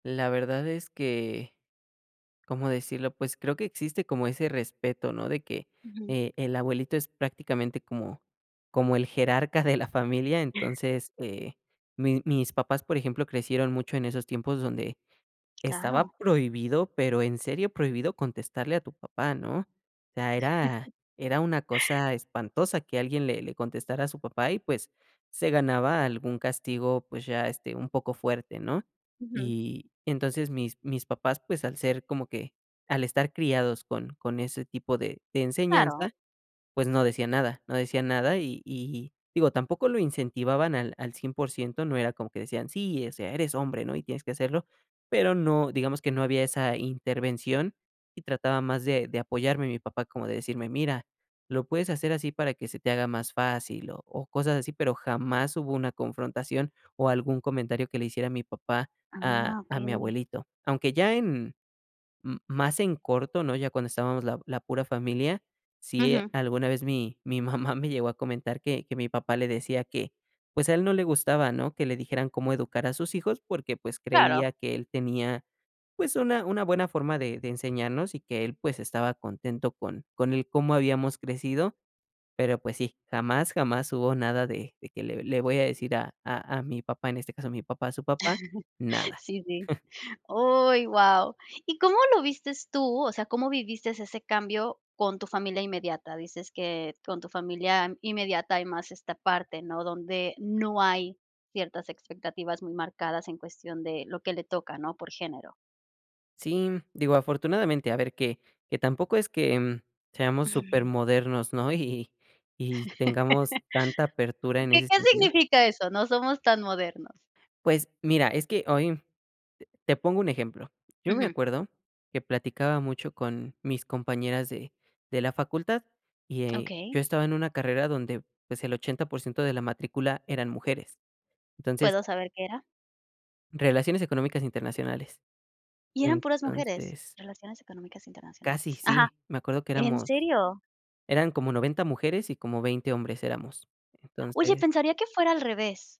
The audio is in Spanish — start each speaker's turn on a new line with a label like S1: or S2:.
S1: La verdad es que, ¿cómo decirlo? Pues creo que existe como ese respeto, ¿no?, de que,
S2: Ujú.
S1: eh, el abuelito es prácticamente como como el jerarca de la familia. Entonces, eh, mi mis papás, por ejemplo, crecieron mucho en esos tiempos donde estaba
S2: Claro.
S1: prohibido, pero en serio prohibido, contestarle a tu papá, ¿no? O sea, era era una cosa espantosa que alguien le le contestara a su papá y, pues se ganaba algún castigo, pues ya, este, un poco fuerte, ¿no?
S2: Ujú.
S1: Y entonces, mis mis papás, pues, al ser como que al estar criados con con ese tipo de de
S2: Claro.
S1: enseñanza, pues no decían nada no decían nada y y digo, tampoco lo incentivaban al al 100%, no era como que decían: "Sí, o sea, eres hombre, ¿no? Y tienes que hacerlo". Pero no digamos que no había esa intervención y trataba más de de apoyarme mi papá, como de decirme: "Mira, lo puedes hacer así para que se te haga más fácil", o o cosas así, pero jamás hubo una confrontación o algún comentario que le hiciera mi papá a
S2: Ah,
S1: a mi
S2: okey.
S1: abuelito. Aunque ya en m más en corto, ¿no? Ya cuando estábamos la la pura familia, sí,
S2: Ujú.
S1: alguna vez mi mi mamá me llegó a comentar que que mi papá le decía que, pues a él no le gustaba, ¿no?, que le dijeran cómo educar a sus hijos, porque pues,
S2: Claro.
S1: creía que él tenía, pues una una buena forma de de enseñarnos y que él, pues estaba contento con con el cómo habíamos crecido. Pero pues sí, jamás, jamás hubo nada de de que: "Le le voy a decir a a a mi papá" en este caso mi papá a su papá: "Nada".
S2: Sí, sí. Uy, guau, ¿y cómo lo viste tú? O sea, ¿cómo viviste ese cambio con tu familia inmediata? Dices que con tu familia inmediata hay más esta parte, ¿no?, donde no hay ciertas expectativas muy marcadas en cuestión de lo que le toca, ¿no?, por género.
S1: Sí, digo, afortunadamente, a ver que que tampoco es que, mm, seamos
S2: Ujú.
S1: supermodernos, ¿no? Y y tengamos tanta apertura en
S2: ¿Qué
S1: ese
S2: qué
S1: sentido.
S2: significa eso: "No somos tan modernos"?
S1: Pues mira, es que hoy te te pongo un ejemplo. Yo me
S2: Ujú.
S1: acuerdo que platicaba mucho con mis compañeras de de la facultad y
S2: Okey.
S1: yo estaba en una carrera donde, pues el 80% de la matrícula eran mujeres. Entonces
S2: ¿Puedo saber qué era?
S1: Relaciones económicas internacionales.
S2: ¿Y eran puras mujeres?
S1: Entonces
S2: Relaciones Económicas
S1: Casi
S2: Internacionales. Ajá.
S1: sí, me acuerdo que
S2: ¿En
S1: éramos
S2: serio?
S1: eran como 90 mujeres y como 20 hombres éramos.
S2: Oye,
S1: Entonces
S2: pensaría que fuera al revés.